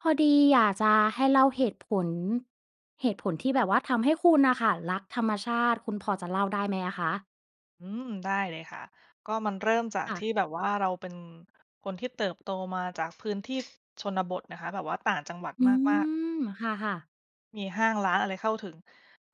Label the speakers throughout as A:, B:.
A: พอดีอยากจะให้เล่าเหตุผล เหตุผลที่แบบว่าทำให้คุณน่ะค่ะรักธรรมชาติ คุณพอจะเล่าได้ไหมอะคะ?
B: อือ ได้เลยค่ะ ก็มันเริ่มจาก
A: ค่
B: ท
A: ะ
B: ี่แบบว่า เราเป็นคนที่เติบโตมาจาก พื้นที่ชนบทนะคะ แบบว่าต่างจังหวัด
A: อื
B: มาก ๆ
A: ม ค่ะ ๆ
B: มีห้างร้านอะไรเข้าถึง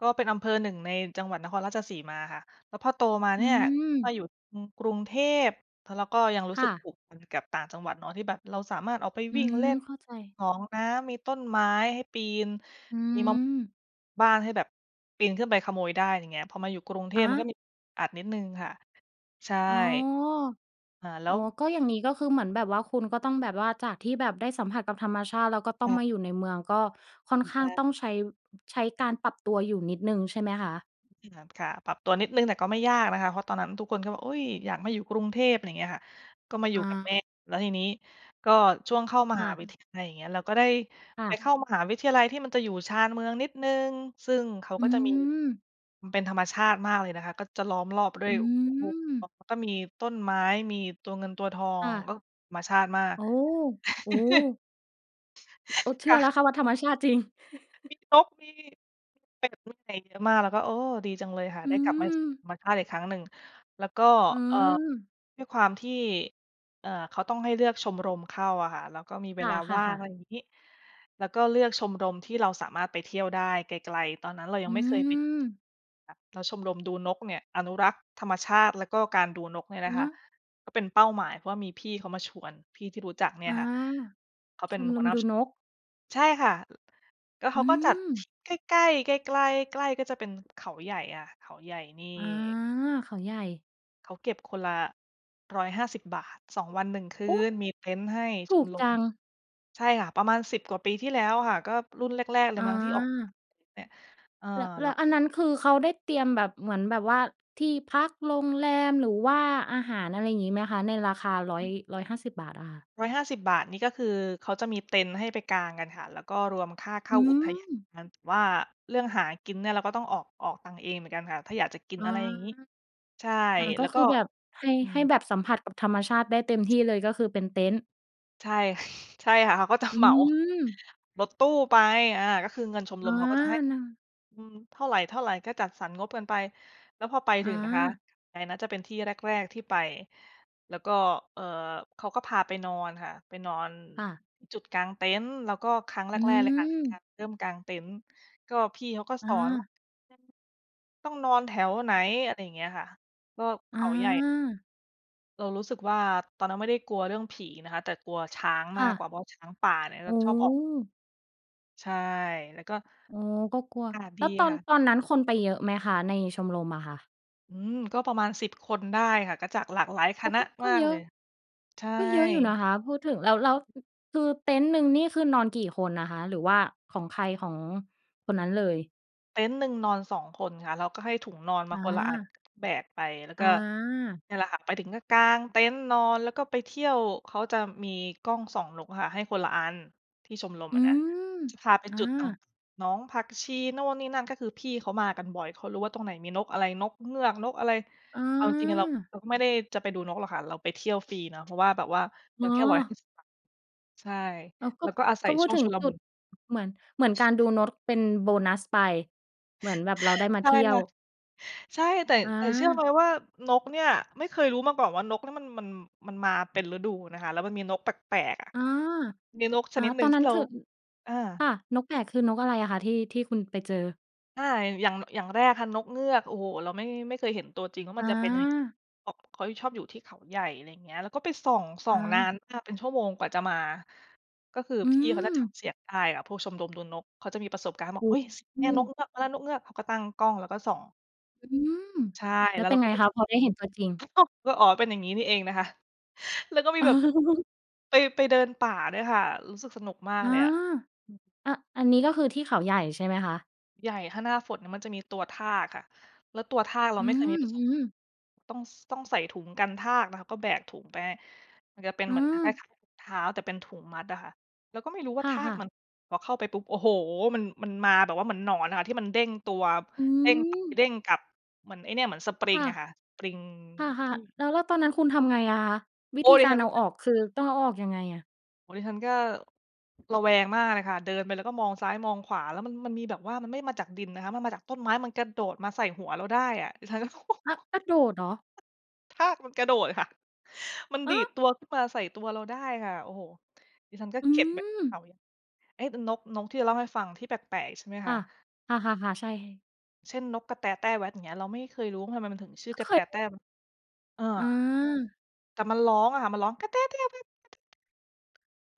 B: ก็เป็นอำเภอหนึ่งในจังหวัดนครราชสีมาค่ะ แล้วพอโตมา
A: อ
B: เ
A: ื
B: นี่ย ก
A: อ
B: ็อยู่ อืม กรุงเทพ เพราะเราก็ยังรู้
A: ค
B: ส
A: ่
B: ึกผ
A: ะ
B: ูกพันกับต่างจังหวัดเนาะ ที่แบบเราสามารถออกไป
A: อื
B: วิ่งเล่
A: อ
B: น
A: เข้าใจ
B: หนองน้ำ มีต้นไม้ให้ปีน
A: อื
B: มี ม
A: อ
B: บ้างให้แบบปีนขึ้นไปขโมยได้ ไรเงี้ย พอมาอยู่กรุงเท
A: อะฮ
B: พ มันก็
A: ะ
B: มี อัดนิดหนึ่งค่ะ ใช่
A: อ๋อ
B: เอ่อ แล้
A: อ๋อ
B: ว
A: ก็อย่างงี้ก็คือเหมือนแบบว่า คุณก็ต้องแบบว่า จากที่แบบได้สัมผัสกับธรรมชาติ แล้วก็ต
B: ค
A: ้อ
B: ่
A: ง
B: ะ
A: มาอยู่ในเมือง ก็ค่อนข้
B: ต
A: าง
B: า
A: ต
B: ม
A: ้องใช้ ใช้การปรับตัวอยู่นิดหนึ่งใช่ไหมคะ?
B: ที่ร้านค้า ปรับตัวนิดหนึ่ง แต่ก็ไม่ยากนะคะ เพราะว่าตอนนั้นทุกคนก็แบบ อุ๊ย อยากมาอยู่กรุงเทพ อะไรเงี้ย ก็มาอยู
A: อ
B: ่กับแ
A: า
B: ม่ แล้วทีนี้ก็ช่วงเข้าม
A: ค
B: ห
A: ่
B: า
A: ะ
B: วิทยาลัย อย่างเงี้ย เราก็ได้
A: ค่
B: ไป
A: ะ
B: เข้ามหาวิทยาลัยที่มันจะอยู่ชานเมืองนิดหนึ่ง ซึ่งเขา
A: อ
B: ก
A: ื
B: ็จะมี
A: อ
B: มันเป็นธรรมชาติมากเลยนะคะ ก็จะล้อมรอบด้ว
A: อ
B: ย
A: ื
B: คูคล
A: อ
B: อง แล้วก็มีต้นไม้ มีตัวเงินตัวทอ
A: ค่
B: ง
A: ะ
B: แล้วธรรมชาติมาก
A: โอ้ โอ้โฮ โอ้ เช
B: ค
A: ื่
B: ่
A: อแล้
B: ะ
A: วค่ะว่าธรรมชาติจริง
B: มีนก มี เป็ด มีอะไรเยอะมาก เราก็ โอ้ ดีจังเลยค่ะไ
A: อื
B: ด้กลับมาสู่ธ
A: อ
B: รรมชาติอีกครั้งหนึ่ง แล้วก็
A: อื
B: เอ่อ
A: อ
B: ด้วยความที่ เอ่อ เขาต้องให้เลือกชมรมเข้าอะค่ะ เราก็มีเว
A: ค
B: ลาว่าง
A: ่ะ
B: อะ
A: ๆ ๆ
B: ไรงี้ เราก็เลือกชมรมที่เราสามารถไปเที่ยวได้ไกล ๆ ตอนนั้นเรายั
A: อื
B: งไม่เคยไป
A: อ
B: ค่ะ แล้วชมรมดูนกเนี่ยอนุรักษ์ธรรมชาติ แล้วก็การดูนกเนี่ยนะ
A: ฮ
B: คะ
A: ะ
B: ก็เป็นเป้าหมาย เพราะมีพี่เขามาชวน พี่ที่รู้จักเนี่
A: อ
B: ย
A: า
B: ค่ะเขาเป
A: ช
B: ็น
A: ม
B: ห
A: ร
B: ัว
A: ม
B: หน้า
A: ดู
B: ชม
A: น
B: รม
A: ก
B: ใช่ค่ะ ล ก็เข
A: อื
B: าก็จัด
A: อ
B: ใกล้ ๆ ไกล ๆ ใกล้ก็จะเป็นเขาใหญ่ค่ะ เขาใหญ่นี่
A: อา เขาใหญ่
B: เขาเก็บคนละ 150 บาท 2 วัน 1 คื
A: โอ้!
B: นมีเต็นท์ให้
A: ถ
B: ช
A: ู
B: ม
A: ก
B: ร
A: จ
B: ม
A: ัง
B: ใช่ค่ะประมาณ 10 กว่าปีที่ แล้วค่ะ ก็รุ่นแรก ๆ เล
A: อ
B: ยมั้งที่ออก
A: า
B: เนี่ย เออ
A: แล้ว แ
B: แล
A: ล
B: ้
A: ้
B: ว
A: วอันนั้นคือเขาได้เตรียมแบบ เหมือนแบบว่าที่พัก โรงแรม หรือว่าอาหาร อะไรอย่างงี้ไหมคะ? ในราคาร้อย 150 บาทอะค่ะ
B: 150 บาทนี่ก็คือเขาจะ มีเต็นท์ให้ไปกางกันค่ะ แล้วก็รวมค่าเข้
A: อื
B: าอุทยาน
A: อ
B: ว่า เรื่องหากินเนี่ยเราก็ต้องออก ออกตังค์เองเหมือนกันค่ะ ถ้าอยากจะกิน
A: อ๋อ
B: อะไรอย่างงี้ ใช่
A: อา ก
B: แ
A: ็
B: ล้ว
A: ค
B: ก
A: ื
B: ็
A: อแบบให้
B: อื
A: ให้
B: อ
A: แบบสัมผัสกับธรรมชาติได้เต็มที่เลย ก็คือเป็นเต็นท์
B: ใช่ ใช่ค่ะ เขาก็ จะ
A: อื
B: เหมา
A: อ
B: รถตู้ไป อา ก็คือเงินชม
A: อ
B: ร
A: า
B: มเขาก็จะให้
A: น
B: อือ เท่าไร ๆ ก็จัดสรรงบกันไป แล้วพอไป
A: อ
B: ถึงนะคะ
A: า
B: อะไรนะ จะเป็นที่แรก ๆ ที่ไป แล้วก็ เอ่อ เขาก็พาไปนอนค่ะ ไปนอน
A: ค่ะ
B: อ จุดกางเต็นท์ เราก็ครั้งแร
A: อื
B: ก ๆ เลยค่ะ ไปก
A: อ
B: าง เริ่มกางเต็นท์ ก็พี่เขาก็
A: อ
B: สอนว่า
A: า
B: [unintelligible] ต้องนอนแถวไหน อะไรเงี้ยค่ะ ก็เข
A: อ
B: าใหญ่
A: า
B: เรารู้สึกว่าตอนนั้นไม่ได้กลัวเรื่องผีนะคะ แต่กลัวช้าง
A: ค
B: ม
A: ่
B: าก
A: ะ
B: กว่า เพราะช้างป่า เนี่ย
A: โอ
B: จะ
A: ้
B: ชอบออก ใช่ แล้วก็
A: โอ้ ก็กลัว
B: อากาศ
A: แล
B: ด
A: ้ว
B: ี
A: ตอ
B: ค
A: น
B: ่ะ
A: ตอนนั้นคนไปเยอะไหมคะ? ในชมรมอะค่ะ
B: อืม ก็ประมาณ 10 คนได้ค่ะ ก็จากหลากหลายค
A: โอ้
B: ณะ
A: ก็ ก
B: ม
A: ็
B: าก
A: เยอ
B: เล
A: ะ
B: ย ใช่
A: ก็เยอะอยู่นะคะพูดถึง แล้ว แล้ว คือเต็นท์หนึ่งนี่คือนอนกี่คนอะคะ หรือว่าของใครของคนนั้นเลย?
B: เต็นท์หนึ่งนอน 2 คนค่ะ แล้วก็ให้ถุงนอนมา
A: อ
B: คนละอัน
A: า
B: แบกไป แล้วก
A: อ
B: ็
A: า
B: เนี่ยแหละค่ะไปถึงก็กางเต็นท์นอน แล้วก็ไปเที่ยว เขาจะมีกล้องส่องนกค่ะให้คนละอัน ที่ชมรม
A: อื
B: อะนะ
A: อ
B: จะพาไป
A: อ
B: จุดต่าง
A: า
B: หนองผักชี นู่นนี่นั่น ก็คือพี่เขามากันบ่อย เขารู้ว่าตรงไหนมีนกอะไร นกเงือก นกอะไร
A: อ
B: เอาจริง ๆ อะ เรา
A: า
B: เราก็ไม่ได้จะไปดูนกหรอกค่ะ เราไปเที่ยว ฟรีเนาะ เพราะว่าแบบว่าเ
A: อ
B: ร
A: ๋
B: า
A: อ
B: แค่ 150 บาท ใช่
A: อ้าว ก
B: แล
A: ็
B: ้วก็อาศั
A: ก็
B: ย
A: พู
B: ช
A: ด
B: ่วง
A: ถึ
B: ช
A: ง
B: ุล
A: จุ
B: มุ
A: ด
B: น
A: เหมือน เหมือนการดูนก เป็นโบนัสไป เหมือนแบบเราได้มา
B: ใช
A: เ
B: ่
A: ที่ย
B: ค
A: ว
B: ่ะ ใช่ แต่
A: อ
B: แต่เชื่อไ
A: า
B: หมว่านกเนี่ย ไม่เคยรู้มาก่อนว่า นกเนี่ยมัน มัน มันมาเป็นฤดูนะคะ แล้วมันมีนกแปลก ๆ อะ
A: อา
B: มีนกช
A: อา
B: นิดหนึ
A: ต
B: ่
A: อ
B: ง
A: น
B: ท
A: น
B: ี
A: ั้
B: ่
A: น
B: เรา
A: คือ อ
B: อา
A: ค่ะ นกใหญ่ คือนกอะไรอะคะที่ ที่คุณไปเจอ?
B: อา อย่าง อย่างแรกค่ะ นกเงือก โอ้โฮ เราไม่ ไม่เคยเห็นตัวจริงว่าม
A: อ
B: ันจะ เป็นยังไง
A: า
B: เขา เขาชอบอยู่ที่เขาใหญ่ อะไรเงี้ย เราก็ไปส่อง ส่อ
A: อ
B: งนา
A: า
B: นมากเป็นชั่วโมงกว่าจะมา ก็คือ
A: อื
B: พี่เขาจะจ
A: อ
B: ำเสียงได้ค่ะ พวกชมรมดูนกเขาจะมีประสบการณ์ บอ
A: โอ
B: ก "เ
A: ้
B: อ๊ย! เสียง
A: โ
B: เนี่ยนก
A: ฮ
B: เงือกมาแล้ว นกเงือก" เขาก็ตั้งกล้อง แล้วก็ส่อง
A: อือ
B: ใช่
A: แล้
B: แล้
A: ว
B: ว
A: เ
B: เ
A: ป
B: ร
A: ็น
B: าก
A: ไ
B: ็
A: ง
B: ไป
A: คะพอได้เห็นตัวจริง?
B: ก็ "อ๋อ เป็นอย่างงี้นี่เอง" นะคะ แล้วก็มีแบบไป ไปเดินป่าด้วยค่ะ รู้สึกสนุกมาก
A: อา
B: เลยอะ อือ
A: อ อันนี้ก็คือ ที่เขาใหญ่ใช่ไหมคะ?
B: ใหญ่ ถ้าหน้าฝนมันจะมีตัวทากค่ะ แล้วตัวทากเรา
A: อื
B: ไม่เคยมี
A: อ
B: ประส
A: อื
B: บ
A: อ
B: ต้อง ส ต้องใส่ถุงกันทากนะคะ ก็แบกถุงไป มันจะเป็น
A: อื
B: เหมือนคล้าย
A: อ
B: ๆ ถุงเท้า แต่เป็นถุงมัดอะค่ะ เราก็ไม่รู้ว
A: ค
B: ่าทา
A: ่
B: ก
A: ะ
B: ม
A: ๆ
B: ัน พอเข้าไปปุ๊บ โอ้โฮ มัน มันมาแบบว่าเหมือนหนอนอะค่ะ ที่มันเด้งตัว
A: อื
B: เด้งไป
A: อ
B: เด้งกลับ เหมือนไอ้เนี่ย เหมือนสปริ
A: ค
B: ง
A: ่ะ
B: อะค่ะ ปลิง
A: ค่
B: ท
A: ะ
B: ี่
A: ๆ แล้ว แล้วตอนนั้นคุณทำไงอะคะ? ว
B: โ
A: ิ
B: อ้
A: ธี
B: ดิ
A: กา
B: ฉ
A: ร
B: ั
A: เ
B: น
A: อา
B: ก
A: ออกคือต้องเอาออกยังไงอะ?
B: โอ้ ดิฉันก็ ระแวงมากเลยค่ะ เดินไปแล้วก็มองซ้าย มองขวา แล้วมัน มันมีแบบว่า มันไม่ได้มาจากดินนะคะ มันมาจากต้นไม้ มันกระโดดมาใส่หัวเราได้อะ ดิฉันก็
A: ฮะ! กระโดดเหรอ?
B: ทากมันกระโดดค่ะ มัน
A: ฮ
B: ดีด
A: ะ!
B: ตัวขึ้นมาใส่ตัวเราได้ค่ะ โอ้โฮ ดิฉันก็
A: อื
B: เก็บเป็นคว
A: อ
B: ามรู้ เอ๊ะ น นก นกที่เราเล่าให้ฟัง ที่แปลก ๆ ใช่ไหม
A: ค
B: ค
A: ่
B: ะ?
A: ะ ค่ะ ๆ ๆ ใช่
B: เช่น นกกระแตแต้แว๊ด อย่างเงี้ย เราไม่เคยรู้ว่าทำไมมันถึงชื่
A: เ
B: อก
A: ค
B: ระแตแต
A: ย
B: ้แว๊ด เออ
A: อา
B: แต่มันร้องอะค่ะ มันร้อง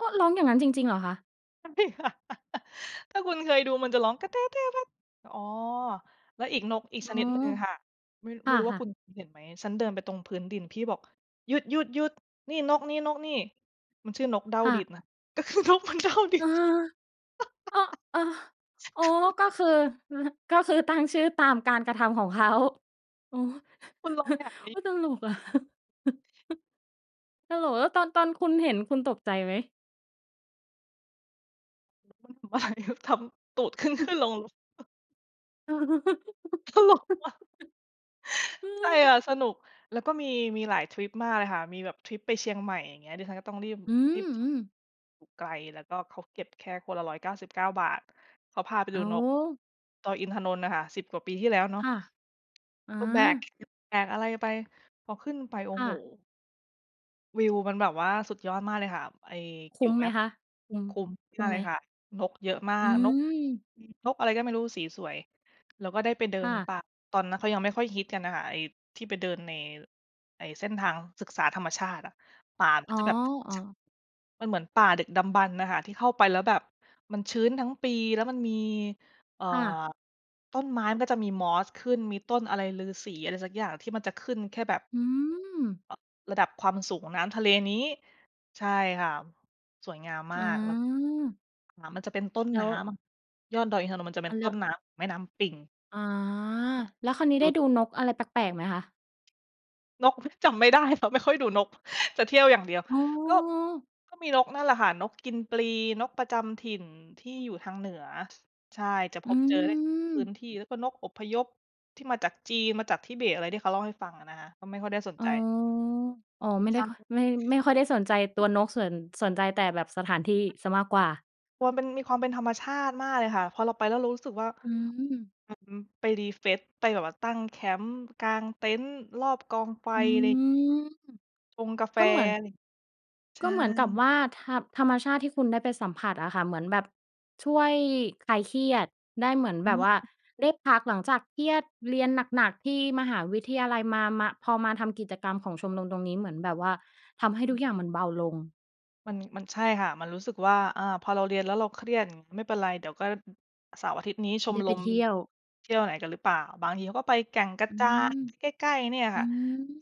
A: ก็ร้องอย่างงั้นจริง ๆ เหรอคะ?
B: [unintelligible] ถ้าคุณเคยดู มันจะร้อง อ๋อ แล้วอีก นกอี
A: อ
B: ก
A: ื
B: ชนิดหนึ่
A: อ
B: งค่ะ ไม่
A: ค
B: ไม่รู้ว่า
A: ่ะ
B: คุ
A: ๆ
B: ณเคยเห็นไหม ฉันเดินไปตรงพื้นดิน พี่บอก "หยุด ๆ ๆ นี่นกนี้ นกนี้" มันชื่อนกเด้า
A: ค่
B: ดิน
A: ะ
B: ค่ะ ก็คือนกมันเด้าดิน
A: อ-เออ โอ้ ก็คือ ก็คือตั้งชื่อตามการกระทำของ เขา โอ้
B: คุณลองแบบน
A: โ
B: ี
A: อ้
B: ้
A: ตลกอะ ตลก แล้วตอน ตอนคุณเห็นคุณตกใจไหม?
B: บ่ายเดี๋ยวทำ ตูดขึ้น ๆ ลง ๆ ตลกอะ ใช่ค่ะ สนุก แล้วก็มี มีหลายทริปมากเลยค่ะ มีแบบทริปไปเชียงใหม่ อย่างเงี้ย ดิฉันก็ต้องรีบ
A: อื
B: รีบ
A: ม ๆ
B: ไกล แล้วก็เขาเก็บแค่คนละ ฿199 เขาพาไป
A: อ
B: ด
A: ้
B: ู
A: า
B: นก
A: ว
B: ดอยอินทนนท์น่ะค่ะ 10 กว่าปีที่แล้วเนา
A: ค
B: ะ
A: ่ะ อ
B: ก็แบก
A: า
B: แบกอะไรไป พอขึ้นไป โอ้
A: ค่
B: โฮ
A: ะ
B: วิวมันแบบว่าสุดยอดมากเลยค่ะ ไอ้
A: ค
B: อ
A: ุ
B: ยู
A: ้
B: ่
A: ม
B: แม
A: ไห
B: ่
A: มคะ? คุ้ม
B: คุ้ม
A: คุ
B: ม
A: ้
B: า
A: ม
B: ก
A: ไ
B: เล
A: หม?
B: ยค่ะ นกเยอะมา
A: อื
B: ก นก
A: ม
B: นกอะไรก็ไม่รู้ สีสวย แล้วก็ได้ไปเดิ
A: ค่
B: น
A: ะ
B: ป่า ตอนนั้นเขายังไม่ค่อยฮิตกันน่ะค่ะ ไอ้ที่ไปเดินใน ไอ้เส้นทางศึกษาธรรมชาติอะ ป่ามัน
A: อ๋
B: ก็
A: อ
B: จะแบบ
A: ๆ
B: มันเหมือนป่าดึกดำบรรพ์น่ะค่ะ ที่เข้าไปแล้วแบบมันชื้นทั้งปี แล้วมันมี เอ่อ
A: ค่ะ
B: ต้นไม้มันจะมีมอสขึ้น มีต้นอะไรฤาษีอะไรสักอย่าง? ที่มันจะขึ้นแค่แบบ
A: อืม
B: ระดับความสูงน้ำทะเลนี้ ใช่ค่ะ สวยงามม
A: อ
B: า
A: า
B: ก แล้ว น้ำมันจะเป็นต้น
A: แล้
B: น
A: ว
B: ้ำยอดดอยอินทนนท์ มันจะเป
A: เ
B: ็
A: อ
B: น
A: าแ
B: ต
A: ล
B: ้
A: ้
B: น
A: ว
B: น้ำ แม่น้ำปิง
A: อ๋อ แล้วคราวนี้ ได้ดูนกอะไรแปลก ๆ ไหมคะ?
B: นก จำไม่ได้ เพราะไม่ ค่อยดูนก จะเที่ยวอย่างเดียว
A: อ๋อ
B: ก็ ก็มีนกนั่นแหละค่ะ นกกินปลี นกประจำถิ่นที่อยู่ทางเหนือ ใช่ จะพ
A: อื
B: บเจอได้ พื้
A: ม
B: นที่ แล้วก็นกอพยพที่มาจากจีน มาจากทิเบต อะไรที่เขาเล่าให้ฟังอะนะคะ ก็ไม่ค่อยได้สน
A: อ๋อ
B: ใจ
A: อ๋อ ไม่
B: ใ
A: ไ
B: ช
A: ด้ค่อย ไม่ ไม่ค่อยได้สนใจตั
B: ่
A: วนก สน สนใจแต่แบบสถานที่เสียมากกว่า
B: ความเป็น มีความเป็นธรรมชาติมากเลยค่ะ พอเราไป แล้วเรารู้สึกว่า
A: อืม
B: อือ ไปรีเฟรชไปแบบว่าตั้งแคมป์ กางเต็นท์รอบกองไฟ
A: อื
B: อะไร
A: ม
B: ชงกาแฟ
A: ก็เหมือน
B: ใช
A: ก็เหมือนกับ
B: ่
A: ว่า ธรรม ธรรมชาติที่คุณได้ไปสัมผัสอะค่ะ เหมือนแบบช่วยคลายเครียดได้ เหมือนแบบว่าได้พัก หลังจากเครียดเรียนหนัก ๆ ที่มหาวิทยาลัยมา มา พอมาทำกิจกรรมของชมรมตรงนี้ เหมือนแบบว่าทำให้ทุกอย่างมันเบาลง
B: มัน มัน ใช่ค่ะ มันรู้สึกว่า อ่า พอเราเรียนแล้วเราเครียด อือ ไม่เป็นไร เดี๋ยวก็ เสาร์อาทิตย์นี้ ช
A: ไ
B: ม
A: ด้
B: ร
A: ไป
B: ม
A: เที่ยว
B: เที่ยวไหนกันหรือเปล่า? บางทีเขาก็ไปแก่งกระ
A: อื
B: จาน
A: ม
B: ใกล้ ๆ เนี่ย
A: อ
B: ค
A: ื
B: ่ะ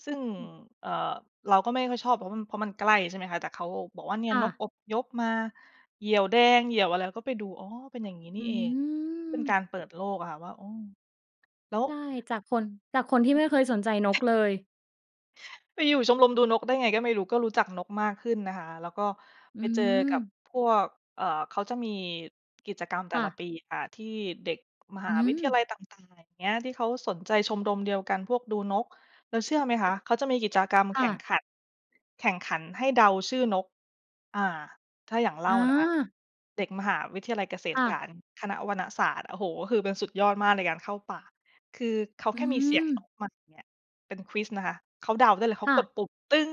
B: ซึ่ง
A: ม
B: เอ่อ เราก็ไม่ค่อยชอบ เพราะมัน เพราะมันใกล้ ใช่ไหมคะ? แต่เขาบอกว่า เนี่
A: ค
B: ย
A: ่
B: นก
A: ะ
B: อพยพมา เหยี่ยวแดง เหยี่ยวอะไร เราก็ไปดู อ้อ เป็นอย่างงี้น
A: อ
B: ี
A: ื
B: ่เอง เป็นก
A: ม
B: ารเปิดโลกอะค่ะ ว่า โอ้ แล้ว
A: ใช่ จากคน จากคนที่ไม่เคยสนใจนกเลย
B: ไปอยู่ชมรมดูนกได้ไง ก็ไม่รู้ ก็รู้จักนกมากขึ้นนะคะ แล้วก็
A: อื
B: ไปเจอกับ
A: ม
B: พวก เอ่อ เขาจะมีกิจกรรมแต
A: ค
B: ่
A: ่
B: ละ
A: ะ
B: ปีค่ะ ที่เด็กม
A: อ
B: ห
A: ื
B: าวิทยา
A: ม
B: ลัยต่าง ๆ อย่างเงี้ย ที่เขาสนใจชมรมเดียวกัน พวกดูนก แล้วเชื่อไหมคะ เขาจะมีกิจกรรม
A: ค
B: แข
A: ่
B: ่ง
A: ะ
B: ขัน แข่งขันให้เดาชื่อนก อ่า ถ้าอย่างอย่างเล่านะคะ
A: อา
B: เด็กมหาวิทยาลัยเกษต
A: ค
B: ร
A: ่
B: ศ
A: ะ
B: าสตร์ คณะวนศาสตร์ โอ้โฮ ก็คือเป็นสุดยอดมากในการเข้าป่า คือเขา
A: อ
B: แ
A: ื
B: ค่มีเสียงน
A: ม
B: กมาอย่างเงี้ย เป็น ควิซ นะคะ เขาเดาได้เลย เข
A: ค
B: า
A: ่
B: ก
A: ะ
B: ดปุ่ม ตึ๊ง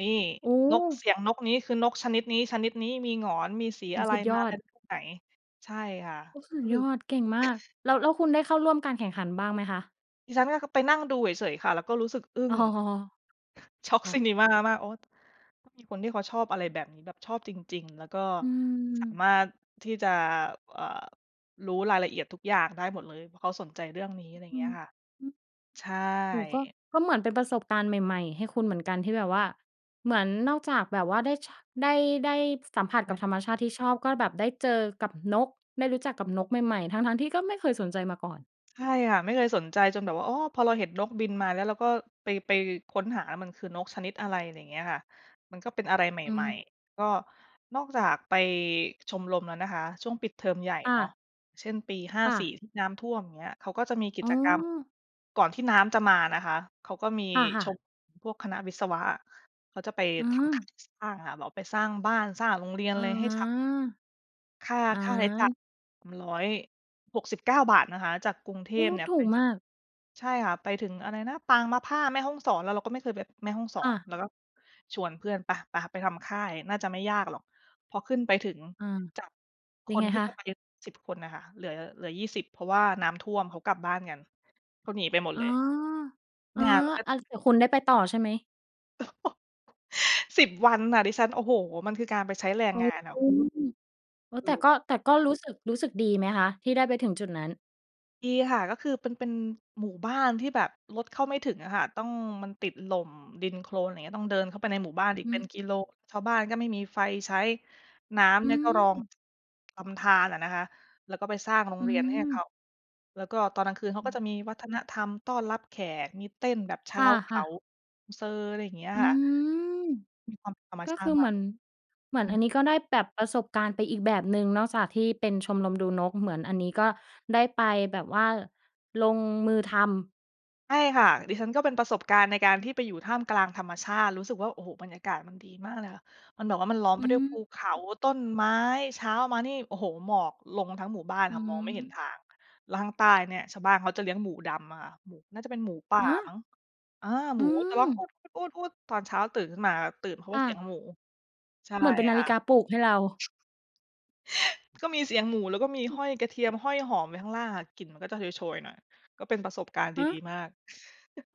B: นี่
A: โอ
B: นก เส
A: ้
B: ียงนกนี้ คือนกชนิดนี้ ชนิดนี้ มีหงอน มีสี
A: โอ้
B: อะไร
A: สุดย
B: มา
A: อ
B: ก
A: ด
B: ันช่วงไหน? ใช่ค่ะ
A: โอ้ สุ
B: ก็
A: ด
B: คื
A: ย
B: อ
A: อด เก่งมาก แล้ว แล้วคุณได้เข้าร่วมการแข่งขันบ้างไหมคะ?
B: ดิฉันก็เข้าไปนั่งดูเฉย ๆ ค่ะ แล้วก็รู้สึกอึ้
A: อ้
B: ง
A: อ
B: ช็อก
A: อ้อ
B: ซินิมามาก โอ้ มีคนที่เขาชอบอะไรแบบนี้ แบบชอบจริง ๆ แล้วก็
A: อื
B: สา
A: อ
B: มารถที่จะ เอ่อ รู้รายละเอียดทุกอย่างได้หมดเลย เพราะเขาสนใจเรื่องนี้ อ
A: อ
B: ะ
A: ื
B: ไ
A: อ
B: ร
A: ฮึ
B: เงี้ยค่ะ ใช่
A: โอ้ ก็ ก็เหมือนเป็นประสบการณ์ใหม่ ๆ ให้คุณเหมือนกัน ที่แบบว่าเหมือนเราจะแบบว่าได้ ช ได้ ได้สัมผัส
B: ใ
A: กับ
B: ช่
A: ธรรมชาติที่ชอบ ก็แบบได้เจอกับนก ได้รู้จักกับนกใหม่ ๆ ทั้ง ๆ ที่ก็ไม่เคยสนใจมาก่อน
B: ใช่ค่ะ ไม่เคยสนใจ จนแบบว่า โอ้ พอเราเห็นนกบินมาแล้ว เราก็ไป ไปค้นหา มันคือนกชนิดอะไร อะไรเงี้ยค่ะ มันก็เป็นอะไรใ
A: อื
B: หม่
A: ม
B: ๆ ก็นอกจากไปชมรมแล้วนะคะ ช่วงปิดเทอมใหญ่
A: ค่
B: เนาะ
A: ะ
B: เช่น ปี ห้า
A: ค่
B: สี่
A: ะ
B: ที่น้ำท่วม เงี้ย เขาก็จะมีกิ
A: อ้
B: จกรรม
A: อ
B: ก่อนที่น้ำจะมานะคะ เขาก็มี
A: ค่
B: ช
A: ะ ๆ
B: มรมพวกคณะวิศวะอะ เขาจะไป
A: เ
B: ทำ
A: ออ
B: [unintelligible] สร้างค่ะ แล้วไปสร้างบ้าน สร้างโรงเรียน
A: อา
B: ไรให้ชาว ค่า
A: อ
B: ค่าใช้จ่าย
A: า
B: มัน ฿169 นะคะ จากกรุงเท
A: โอ้
B: พเนี่ย
A: ถ
B: ไ
A: ู
B: ป
A: ก
B: ถ
A: ม
B: ึง
A: าก
B: ใช่ค่ะ ไปถึงอะไรนะ ปางมะผ้า แม่ฮ่องสอน แล้วเราก็ไม่เคยไปแม่ฮ่องส
A: ค
B: อ
A: ่
B: น
A: ะ
B: เราก็ชวนเพื่อนไป ไป ไปทำค่าย น่าจะไม่ยากหรอก พอขึ้นไปถึง
A: อ่า
B: จากค
A: ยังไง
B: นที่
A: ค
B: จะ
A: ะ?
B: ไป 10 คนน่ะค่ะ เหลือ เหลือ 20 เพราะว่าน้ำท่วม เขากลับบ้านกัน เขาหนีไปหมด
A: อ๋
B: เ
A: อ
B: ลย
A: อ๋อ
B: งานมันก็
A: อ่า แต่คุณได้ไปต่อใช่ไหม?
B: 10 วันน่ะ ดิฉัน โอ้โฮ มันคือการไปใช้แรง
A: อ๋อ
B: งานน่ะ
A: อ๋อ แต่ก็
B: เออ
A: แต่ก็รู้สึก รู้สึกดีไหมคะ? ที่ได้ไปถึงจุดนั้น
B: ดีค่ะ ก็คือเป็น เป็นหมู่บ้านที่แบบรถเข้าไม่ถึงอะค่ะ ต้อง มันติดหล่ม ดินโคลนไรเงี้ย ต้องเดินเข้าไปในหมู่บ้านอีก
A: อื
B: เป็น
A: อ
B: กิโล ชาวบ้านก็ไม่มีไฟใช้ น้ำ
A: อ
B: เ
A: ื
B: นี่ยก็รอง
A: ม
B: ลำธารน่ะนะคะ แล้วก็ไปสร้างโร
A: อ
B: ง
A: ื
B: เรียนให้เขา
A: ม
B: แล้วก็ตอนกลางคืนเขาก็จะมีวัฒนธรรมต้อนรับแขก มีเต้นแบบช
A: ค
B: าวเข
A: ่ะ
B: า
A: ๆ
B: มูเซอ อะไรอย่างเงี้ย
A: อื
B: ค่ะ
A: ม
B: มีความธรรม
A: ก็
B: ช
A: ค
B: าต
A: ือ
B: ิม
A: เห
B: า
A: มื
B: ก
A: อน เหมือ
B: อ
A: น
B: ื
A: อั
B: ม
A: นนี้ก็ได้แบบประสบการณ์ไปอีกแบบหนึ่งเนาะ จากที่เป็นชมรมดูนก เหมือนอันนี้ก็ได้ไปแบบว่าลงมือทำ
B: ใช่ค่ะ ดิฉันก็เป็นประสบการณ์ในการที่ไปอยู่ท่ามกลางธรรมชาติ รู้สึกว่า โอ้โฮ! บรรยากาศมันดีมากเลยค่ะ มันแบบว่ามันล้อม
A: อ
B: ไ
A: ื
B: ปด้วยภูเขา
A: ม
B: ต้นไม้ เช้ามานี่ โอ้โฮ! หมอกลงทั้งหมู่บ้าน
A: อื
B: ค่ะ มองไม่เห็น
A: ม
B: ทาง แล้วข้างใต้เนี่ย ชาวบ้านเขาจะเลี้ยงหมูดำอะค่ะ หมู น่าจะเป็นหมู ป่า
A: ฮ
B: มั
A: ะ!
B: ้ง เออ ห
A: อ
B: ม
A: ื
B: ูก็จะร้อง
A: ม
B: อู๊ด ๆ ๆ ๆ ตอนเช้าตื่นขึ้นมาแล้ว ตื่นเพราะว
A: ค
B: ่
A: ่
B: าเสียง
A: ะ
B: หมู ใช่
A: เหมือนเป็นนา
B: ค
A: ฬ
B: ่
A: ิ
B: ะ
A: กาปลุกให้เรา
B: ก็มีเสียงหมู แล้วก็มี
A: อื
B: ห
A: ม
B: ้อยกระเทียม ห้อยหอมไว้ข้างล่างค่ะ กลิ่นมันก็จะโชย ๆ หน่อย ก็เป็นประสบการณ์ด
A: ฮ
B: ี
A: ะ!
B: ๆ มาก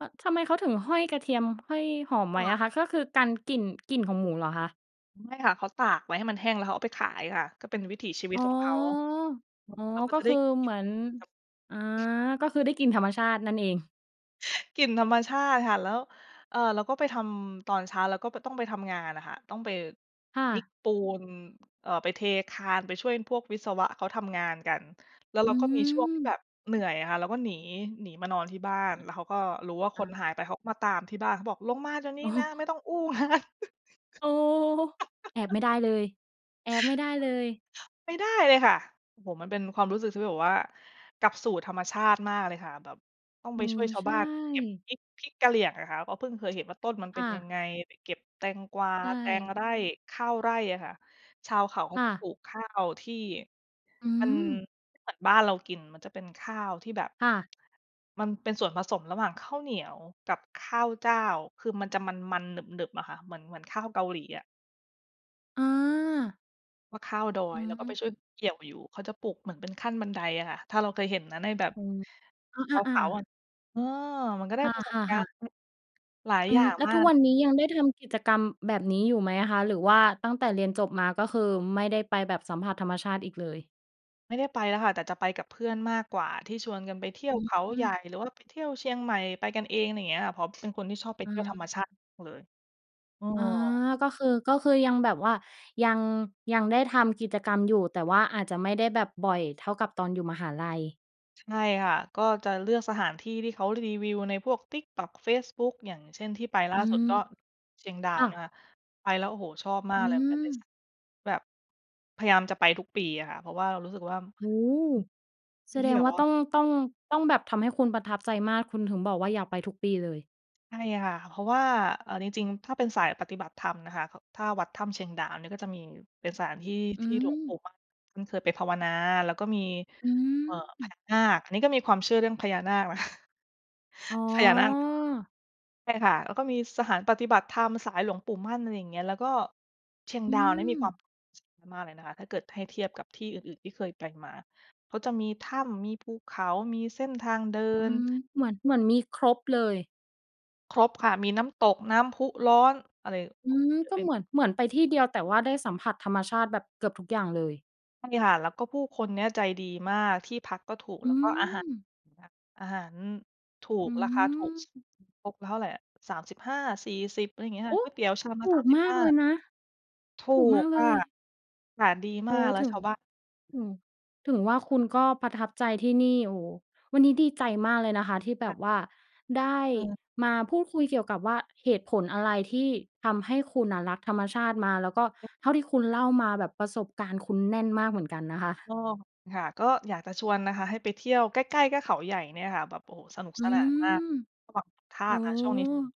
A: เอ่อ แล้วทำไมเขาถึงห้อยกระเทียม ห้อยหอมไ
B: ค
A: ว
B: ่
A: ้
B: ะ
A: อะค่ะ ก็คือกันกลิ่น กลิ่นของหมูเหรอคะ?
B: ไม่ค่ะ เขาตากไว้ให้มันแห้ง แล้วเขาเอาไปขายค่ะ ก็เป็นวิถีชีวิ
A: อ
B: ต
A: ๋อ
B: ของเขา แล้ว
A: อ๋อ
B: เขาก็
A: ก็
B: จะไ
A: ค
B: ด้
A: ือเหมือน
B: [unintelligible]
A: อา ก็คือได้กลิ่นธรรมชาตินั่นเอง
B: กลิ่นธรรมชาติค่ะ แล้ว เอ่อ แล้วก็ไปทำตอนเช้า แล้วก็ ก็ต้องไปทำงานน่ะค่ะ ต้องไป
A: ค่
B: วิก
A: ะ
B: ปูน เอ่อ ไปเทคาน ไปช่วยพวกวิศวะเขาทำงานกัน แล้ว
A: อ
B: เ
A: ื
B: ราก็มีช่วงที่แบ
A: ม
B: บเหนื่อยอะค่ะ เราก็หนี หนี มานอนที่บ้าน
A: อ
B: แล้วเขาก็รู้ว่าค
A: า
B: นหายไป เขาก็มาตามที่บ้าน เขาบอก "ลงมาเดี๋ยวนี
A: โ
B: ้
A: อ้
B: นะ ไม่ต้องอู้ งาน"
A: โอ้! แอบไม่ได้เลย แอบไม่ได้เลย
B: ไม่ได้เลยค่ะ โอ้โฮ มันเป็นความรู้สึกที่แบบว่า กลับสู่ธรรมชาติมากเลยค่ะ แบบต้อง
A: อ
B: ไ
A: ื
B: ปช่ว
A: อ
B: ยชา
A: ใ
B: ว
A: ช
B: บ้านเขาเก็บ
A: ่
B: พริก พริกกะเหรี่ยงอะค่ะ ก็เพิ่งเคยเห็นว่าต้นมันเ
A: ค
B: ป็น
A: ่
B: ยัง
A: ะ
B: ไง? ไปเก็บแตงกวา
A: ใช
B: แตง
A: ่
B: ไร่ ข้าวไร่อะค่ะ ชาวเขาเข
A: ค
B: า
A: ่
B: ก็
A: ะ
B: ปลูกข้าวที่
A: อื
B: มัน
A: ม
B: เหมือนบ้านเรากิน มันจะเป็นข้าวที่แบบ
A: ค่ะ
B: มันเป็นส่วนผสมระหว่างข้าวเหนียวกับข้าวเจ้า คือมันจะมัน ๆ หนึบ ๆ อะค่ะ เหมือน เหมือนข้าวเกาหลีอะ
A: อา
B: ว่าข้าวดอ
A: อ
B: ย แล้วก็ไป
A: ๋อ
B: ช่วยเขาเกี่ยวอยู่ เขาจะปลูกเหมือนเป็นขั้น บันไดอะค่ะ ถ้าเราเคยเห็นนะ ในแบบ
A: โอ้ อ
B: ช
A: ะ
B: าว
A: ๆ อ
B: เขาอ
A: า
B: ะ เออ มันก็ได
A: ค
B: ้
A: ่
B: ประสบกา
A: ะ
B: รณ
A: ๆ ๆ
B: ์ หลาย
A: อื
B: อย่า
A: อ
B: ง
A: แล้ว
B: มา
A: ทุก
B: ก
A: วันนี้ยังได้ทำกิจกรรมแบบนี้อยู่ไหมอะคะ? หรือว่าตั้งแต่เรียนจบมา ก็คือไม่ได้ไปแบบสัมผัสธรรมชาติอีกเลย?
B: ไม่ได้ไปแล้วค่ะ แต่จะไปกับเพื่อนมากกว่า ที่ชวนกันไปเที่ย
A: อ
B: วเขา
A: ื
B: ใหญ่
A: ม
B: หรือว่าไปเที่ยวเชียงใหม่ ไปกันเอง ไรเงี้ยค่ะ เพราะเป็นคนที่ชอบไปเ
A: อ
B: ที่ยวธร
A: า
B: รมชาติมากเลย เอ
A: อา
B: อ
A: ก็คือ ก็คือยังแบบว่า ยัง ยังได้ทำกิจกรรมอยู่ แต่ว่าอาจจะไม่ได้แบบบ่อยเท่ากับตอนอยู่มหาลัย
B: ใช่ค่ะ ก็จะเลือกสถานที่ที่เขารีวิวในพวก TikTok, เฟซบุ๊ก อย่างเช่น ที่ไปล่
A: อ
B: า
A: ื
B: สุด
A: ม
B: ก็เชียงดา
A: ค
B: ว
A: ่
B: นะ
A: ะ
B: คะ ไปแล้ว โอ้โฮ ชอบม
A: อ
B: า
A: ื
B: กเลย มันเป็นส
A: ม
B: ถานที่ที่แบบพยายามจะไปทุกปีอะค่ะ เพราะว่าเรารู้สึกว่า
A: โอ้โฮ
B: อือ เป
A: แส
B: ็นท
A: ด
B: ี่
A: ง
B: แบ
A: ว
B: บ
A: ่า
B: ว่
A: ต
B: า
A: ้อง ต้อง ต้องแบบทำให้คุณประทับใจมาก คุณถึงบอกว่า อยากไปทุกปีเลย
B: ใช่ค่ะ เพราะว่า เอาจริง ๆ ถ้าเป็นสายปฏิบัติธรรมนะคะ ก ถ้าวัดถ้ำเชียงดาว นี่ก็จะมีเป็นสถานที่
A: อื
B: ที่หลวงป
A: ม
B: ู่มั่นท่านเคยไปภาวนา แล้วก็มี
A: อื
B: เอ่อ พ
A: ม
B: ญานาค อันนี้ก็มีความเชื่อเรื่อง พญานาค นะคะ
A: อ๋อ
B: พญานาค ใช่ค่ะ แล้วก็มีสถานปฏิบัติธรรมสายหลวงปู่มั่น อะไรอย่างเงี้ย แล้วก็เชียง
A: อื
B: ดาวเนี้ยมี
A: ม
B: ความ มากเลยนะคะ ถ้าเกิดให้เทียบกับที่อื่น ๆ ที่เคยไปมา ก็จะมีถ้ำ มีภูเขา มีเส้นทางเดิ
A: อื
B: น
A: ม เหมือน เหมือนมีครบเลย
B: ครบค่ะ มีน้ำตก น้ำพุร้อน อะไร
A: อื
B: โอ้
A: ม
B: เยอะ
A: ก็
B: ไป
A: เ
B: ห
A: ห
B: มด
A: มือน เหมือนไปที่เดียว แต่ว่าได้สัมผัสธรรมชาติแบบเกือบทุกอย่างเลย
B: มันมีหาด แล้วก็ผู้คนเนี่ยใจดีมาก ที่พักก็ถูก
A: อ
B: แล
A: ื
B: ้วก็อาหาร
A: ม
B: อย่างเงี้ย อาหาร ถู
A: อ
B: ก
A: ื
B: ราคาถูก
A: ม
B: ตกแล้วเท่าไรอะ 35-40 อะไรเงี้ยค
A: โ
B: ่
A: อ
B: ะ
A: ้!
B: ก๋วยเตี๋ยวชามล
A: ถ
B: ะ
A: ู
B: สาม
A: ก
B: สิ
A: ม
B: บ
A: า
B: ห
A: ก
B: ้า
A: เลยนะ
B: ถู
A: ถูกม
B: ก
A: ากเ
B: ค
A: ล
B: ่ะ
A: ย
B: อากาศดี
A: โ
B: ม
A: อ
B: า
A: ้โ
B: ก
A: ฮ
B: แล้
A: ถ
B: ว
A: ึ
B: ช
A: ง
B: าวบ้าน
A: ถึง ถึงว่าคุณก็ประทับใจที่นี่ โอ้โฮ วันนี้ดีใจมากเลยนะคะ ที่แบ
B: ค่ะ
A: บว่า ได้
B: เออ
A: มาพูดคุยเกี่ยวกับว่า เหตุผลอะไรที่ทำให้คุณน่ะรักธรรมชาติมา? แล้วก็เท่าที่คุณเล่ามา แบบประสบการณ์คุณแน่นมากเหมือนกันนะคะ
B: เออ ค่ะ ก็อยากจะชวนนะคะ ให้ไปเที่ยว ใกล้ ๆ ก็เขาใหญ่เนี่ยค่ะ แบบ โอ้โฮ สนุก
A: อ
B: ส
A: ื
B: นานมาก
A: ม
B: ก็แบบทา
A: โอ้
B: กอะช่วง
A: โ
B: นี้
A: ฮ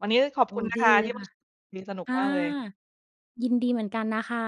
B: วันนี้ต้องขอบ
A: โอ้
B: คุณนะ
A: ดี
B: คะ
A: เล
B: ที
A: ย
B: ่ [unintelligible] คุ
A: ค่ะ
B: ยสนุก
A: อา
B: มากเลย
A: ยินดีเหมือนกันนะคะ